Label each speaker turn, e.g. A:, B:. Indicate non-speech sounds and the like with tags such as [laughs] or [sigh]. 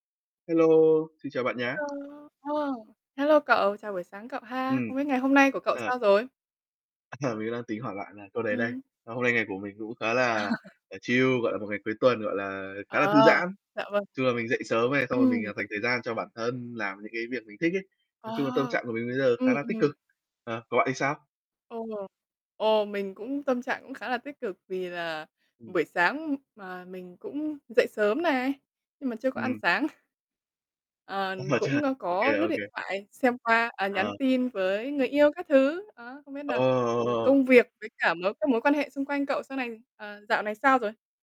A: Hello, xin chào bạn nhá.
B: Hello! Ồ, hello cậu, chào buổi sáng cậu ha!
A: Ừm.
B: Không biết ngày hôm nay của cậu
A: Ờ.
B: sao rồi?
A: Ờ, mình đang tính hỏi bạn là câu đấy đây.
B: Ừm.
A: Ờ, hôm nay ngày của mình cũng khá là,
B: [laughs]
A: ờ, chill, gọi là, một ngày cuối tuần, gọi là, khá là thư
B: Ờ,
A: giãn.
B: dạ vâng.
A: Chung là mình dậy sớm này, xong rồi mình,
B: Ừm.
A: ờ, dành thời gian cho bản thân làm những cái việc mình thích ấy. Nói
B: À.
A: chung là tâm trạng của mình bây giờ khá
B: Ừm,
A: là tích
B: ừm.
A: cực. Ờ, còn bạn thì sao?
B: Ồ, ồ, mình cũng tâm trạng cũng khá là tích cực vì là
A: Ừm.
B: buổi sáng mà, mình cũng dậy sớm này, nhưng mà chưa có ăn
A: Ừm.
B: sáng. Ờ,
A: Ờ, chưa
B: cũng, ơ,
A: ô
B: có
A: kê,
B: lướt
A: ô kê.
B: điện thoại xem qua, à,
A: Ờ.
B: nhắn tin với người yêu các thứ. Đó, không biết nà, ừm,
A: Ờ!
B: công việc với cả mối các mối quan hệ xung quanh cậu sau này ờ, dạo này sao rồi?